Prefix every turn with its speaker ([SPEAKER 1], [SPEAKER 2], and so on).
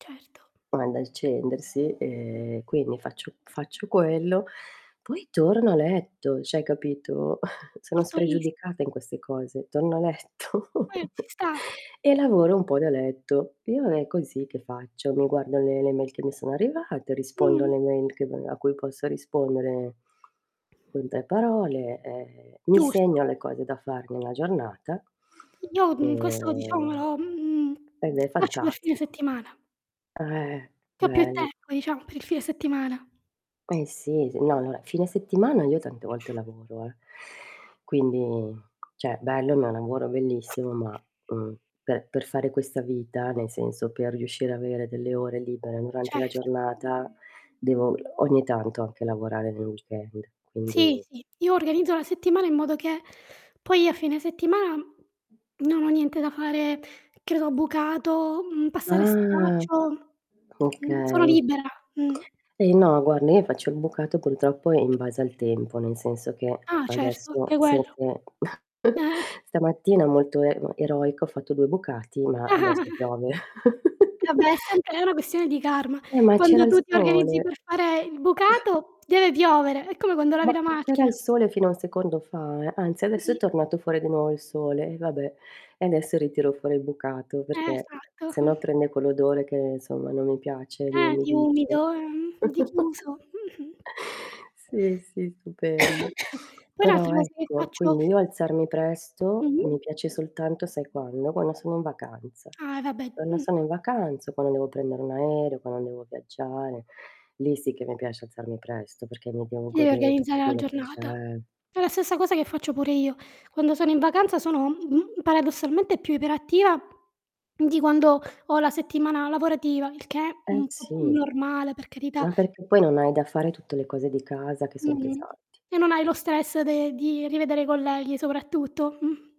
[SPEAKER 1] Certo.
[SPEAKER 2] [unintelligible] accendersi e quindi faccio faccio quello, poi torno a letto, cioè, hai capito. Sono
[SPEAKER 1] Molto is
[SPEAKER 2] spregiudicata in queste cose, torno a letto
[SPEAKER 1] Beh, ci sta.
[SPEAKER 2] e lavoro un po' da letto. Io non è così che faccio, mi guardo le le mail che mi sono arrivate, rispondo
[SPEAKER 1] Mh.
[SPEAKER 2] alle mail che maga a cui posso rispondere con 3 parole, ehm, mi
[SPEAKER 1] Giusto.
[SPEAKER 2] segno le cose da fare nella giornata,
[SPEAKER 1] Io
[SPEAKER 2] e
[SPEAKER 1] mhmm, questo lo diciamo lo, mhmm,
[SPEAKER 2] ed è
[SPEAKER 1] faccio per fine
[SPEAKER 2] fantastico.
[SPEAKER 1] settimana.
[SPEAKER 2] Eh,
[SPEAKER 1] Po' più
[SPEAKER 2] bell
[SPEAKER 1] tempo, diciamo, per il fine settimana.
[SPEAKER 2] Eh, sì. S guarda, fine settimana io tante volte lavoro, eh. Quindi, cioè, bello, ma è un lavoro bellissimo ma, mhmm, per per fare questa vita, nel senso, per riuscire avere delle ore libere durante la
[SPEAKER 1] Certo.
[SPEAKER 2] giornata devo ogni tanto anche lavorare nel weekend,
[SPEAKER 1] Sì,
[SPEAKER 2] quindi
[SPEAKER 1] sì, io organizzo la settimana in modo che poi a fine settimana non ho niente da fare, credo bucato, mhmm, passare
[SPEAKER 2] Ah,
[SPEAKER 1] straccio. Mhmm, sono
[SPEAKER 2] okay.
[SPEAKER 1] libera. Mh.
[SPEAKER 2] Eh, no, guarda io faccio il bucato purtroppo in base al tempo, nel senso che
[SPEAKER 1] Ah, certo,
[SPEAKER 2] adesso
[SPEAKER 1] anche quello.
[SPEAKER 2] [unintelligible]
[SPEAKER 1] Eh.
[SPEAKER 2] stamattina molto e eroico, ho fatto 2 bucati, ma adesso piove.
[SPEAKER 1] Vabbè, è sempre è una questione di karma.
[SPEAKER 2] Eh, ma c'era
[SPEAKER 1] Quando
[SPEAKER 2] il
[SPEAKER 1] tu ti organizzi
[SPEAKER 2] sole.
[SPEAKER 1] per fare il bucato deve piovere, è come quando lavi
[SPEAKER 2] Ma
[SPEAKER 1] la
[SPEAKER 2] c'era
[SPEAKER 1] macchina.
[SPEAKER 2] il sole fino a un secondo fa, anzi, adesso
[SPEAKER 1] Mh.
[SPEAKER 2] è tornato fuori di nuovo il sole, e vabbè. E. adesso ritiro fuori il bucato
[SPEAKER 1] Eh,
[SPEAKER 2] perché
[SPEAKER 1] esatto.
[SPEAKER 2] sennò prende quell'odore che, insomma, non mi piace, di
[SPEAKER 1] Eh, di
[SPEAKER 2] umidiccio.
[SPEAKER 1] umido, e mhmm, di chiuso. Mh-mh.
[SPEAKER 2] Sì, sì, stupendo.
[SPEAKER 1] Poi un'altra
[SPEAKER 2] Però,
[SPEAKER 1] cosa che
[SPEAKER 2] ecco
[SPEAKER 1] faccio
[SPEAKER 2] quindi io alzarmi presto mi
[SPEAKER 1] Mh-mh.
[SPEAKER 2] piace soltanto, sai quando, quando sono in vacanza.
[SPEAKER 1] Ah, vabbè.
[SPEAKER 2] Quando
[SPEAKER 1] Mh.
[SPEAKER 2] sono in vacanza, quando devo prendere un aereo, quando devo viaggiare. Lì sì che mi piace alzarmi presto perché mi devo
[SPEAKER 1] Devi
[SPEAKER 2] godere
[SPEAKER 1] organizzare
[SPEAKER 2] tutto
[SPEAKER 1] la
[SPEAKER 2] quello che
[SPEAKER 1] giornata.
[SPEAKER 2] c'è.
[SPEAKER 1] È la stessa cosa che faccio pure io. Quando sono in vacanza sono, mhmm, paradossalmente più iperattiva di quando ho la settimana lavorativa, il che,
[SPEAKER 2] Eh,
[SPEAKER 1] mhmm, [unintelligible]
[SPEAKER 2] sì.
[SPEAKER 1] normale per carità.
[SPEAKER 2] Ma perché poi non hai da fare tutte le cose di casa che son
[SPEAKER 1] Mh-mh.
[SPEAKER 2] pesanti.
[SPEAKER 1] E non hai lo stress de di rivedere i colleghi soprattutto. Mh.